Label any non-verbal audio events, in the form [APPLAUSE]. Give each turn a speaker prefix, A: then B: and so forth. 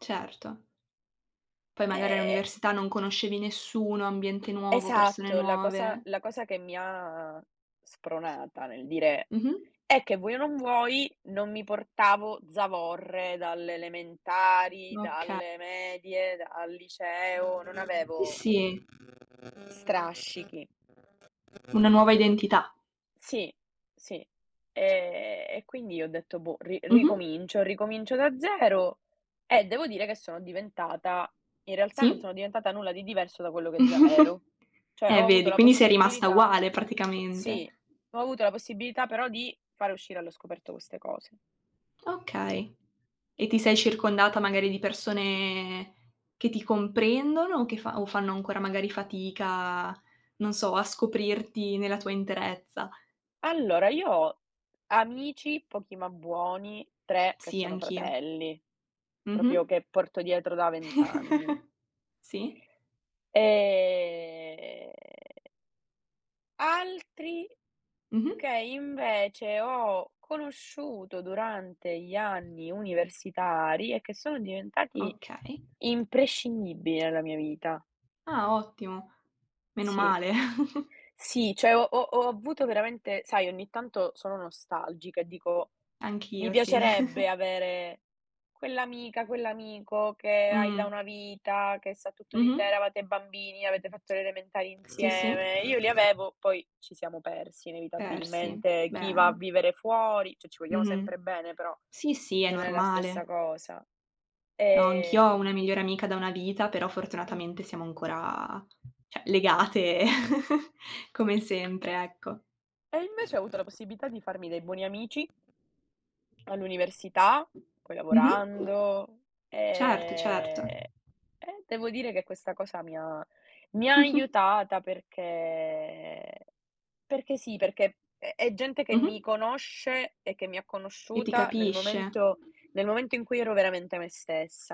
A: Certo. Poi magari
B: E
A: all'università non conoscevi nessuno, ambiente nuovo, persone
B: Esatto, la cosa
A: nuove.
B: la cosa che mi ha spronata nel dire
A: Mh-mh.
B: è che vuoi o non vuoi non mi portavo zavorre dalle elementari,
A: Oka
B: dalle medie, dal liceo, non
A: Sì,
B: avevo
A: sì.
B: strascichi.
A: Una nuova identità.
B: Sì, sì. Ehm, e quindi ho detto: “Boh, ri
A: Mh-mh.
B: ricomincio, ricomincio da zero”, e devo dire che sono diventata in realtà non
A: Sì.
B: sono diventata nulla di diverso da quello che già
A: [CHUCKLES]
B: ero. Cioè,
A: Eh,
B: ho avuto
A: vedi.
B: la
A: Quindi sei rimasta
B: possibilità
A: uguale
B: sì,
A: praticamente.
B: ho avuto la possibilità però di fare uscire allo scoperto queste cose.
A: Okay. E ti sei
B: Sì.
A: circondata magari di persone che ti comprendono o che fan o fanno ancora magari fatica, non so, a scoprirti nella tua interezza?
B: Allora, io ho amici, pochi ma buoni; 3 che
A: Sì,
B: sono
A: anch'io.
B: fratelli; proprio
A: Mh-mh.
B: che porto dietro da 20 anni.
A: [CHUCKLES] Sì.
B: Ehm altri
A: Mh-mh.
B: che invece ho conosciuto durante gli anni universitari e che sono diventati
A: Okay.
B: imprescindibili nella mia vita.
A: Ah ottimo. Meno
B: Sì.
A: male. [CHUCKLES]
B: Sì, cioè ho ho ho avuto veramente sai, ogni tanto sono nostalgica e dico: “Mi
A: Anch'io, sì.
B: piacerebbe
A: [CHUCKLES]
B: avere quell'amica, quell'amico che hai da
A: Mh.
B: una vita, che sa tutto di te,
A: Mh-mh.
B: eravate bambini, avete fatto le elementari
A: Sì, sì.
B: insieme”. Io li avevo, poi ci siamo persi
A: Persi,
B: inevitabilmente. Chi va a
A: beh.
B: vivere fuori cioè ci vogliamo
A: Mh-mh.
B: sempre bene però,
A: Sì, sì, è
B: non è la stessa
A: normale.
B: cosa.
A: No, anch'io ho
B: Ehm
A: una migliore amica da una vita, però
B: Mh.
A: fortunatamente siamo ancora, cioè, legate [LAUGHS] come sempre, ecco.
B: E invece ho avuto la possibilità di farmi dei buoni amici all'università, poi
A: Mh-mh.
B: lavorando;
A: Certo, certo.
B: e e devo dire che questa cosa mi ha mi ha
A: [CHUCKLES]
B: aiutata perché perché sì, perché è è gente che mi
A: Mh-mh.
B: conosce e che mi ha
A: E ti
B: conosciuta nel
A: capisce.
B: momento nel momento in cui ero veramente me stessa.